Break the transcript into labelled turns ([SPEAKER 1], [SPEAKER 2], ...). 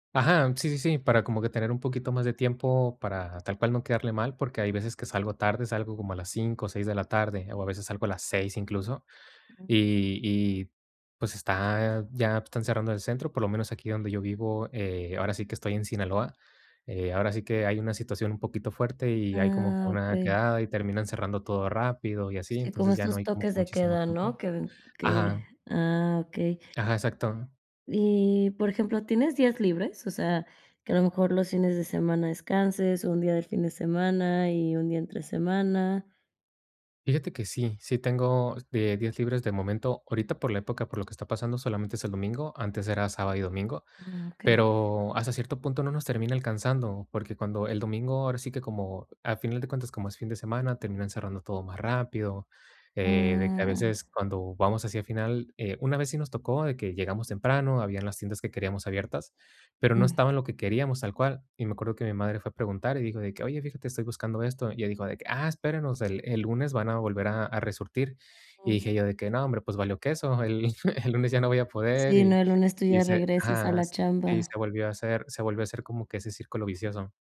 [SPEAKER 1] Aja, sí, sí, sí, para como que tener un poquito más de tiempo para, tal cual, no quedarle mal, porque hay veces que salgo tarde, salgo como a las 5, 6 de la tarde, o a veces salgo a las 6 incluso.
[SPEAKER 2] Ujú.
[SPEAKER 1] Y y pues, está ya, pues, están cerrando el centro, por lo menos aquí donde yo vivo, eh, ahora sí que estoy en Sinaloa. Eh, ahora sí que hay una situación un poquito fuerte, y hay como que
[SPEAKER 2] Ah,
[SPEAKER 1] una
[SPEAKER 2] okey.
[SPEAKER 1] quedada, y terminan cerrando todo rápido y así.
[SPEAKER 2] Sí, como
[SPEAKER 1] Entonces ya no
[SPEAKER 2] estos
[SPEAKER 1] hay como que
[SPEAKER 2] toques de
[SPEAKER 1] muchísimo
[SPEAKER 2] queda,
[SPEAKER 1] tiempo.
[SPEAKER 2] ¿no? Que den que
[SPEAKER 1] Ajá.
[SPEAKER 2] ah, okey.
[SPEAKER 1] Ajá, exacto.
[SPEAKER 2] Y, por ejemplo, ¿tienes días libres? O sea, que a lo mejor los fines de semana descanses, un día del fin de semana y un día entre semana.
[SPEAKER 1] Fíjate que sí, sí tengo de días libres de momento. Ahorita, por la época por lo que está pasando, solamente es el domingo, antes era sábado y domingo.
[SPEAKER 2] Ah, okey.
[SPEAKER 1] Pero hasta cierto punto no nos termina alcanzando, porque cuando el domingo, ahora sí que como a final de cuentas, como es fin de semana, terminan cerrando todo más rápido. Eh, de que a
[SPEAKER 2] Ah.
[SPEAKER 1] veces cuando vamos hacia el final eh, una vez sí nos tocó de que llegamos temprano, habían las tiendas que queríamos abiertas, pero no
[SPEAKER 2] Ujú.
[SPEAKER 1] estaban lo que queríamos tal cual. Y me acuerdo que mi madre fue a preguntar y dijo de que: "Oye, fíjate, estoy buscando esto", y ella dijo de que: "Ah, espérenos, el el lunes van a volver a a resurtir". Y dije yo de que: "No hombre, pues, valió queso, el el lunes ya no voy a poder".
[SPEAKER 2] Sí, no,
[SPEAKER 1] Y
[SPEAKER 2] el lunes tú
[SPEAKER 1] y
[SPEAKER 2] ya
[SPEAKER 1] se
[SPEAKER 2] regresas a
[SPEAKER 1] ajá,
[SPEAKER 2] la
[SPEAKER 1] y
[SPEAKER 2] chamba.
[SPEAKER 1] se volvió a hacer se volvió a hacer como que ese círculo vicioso.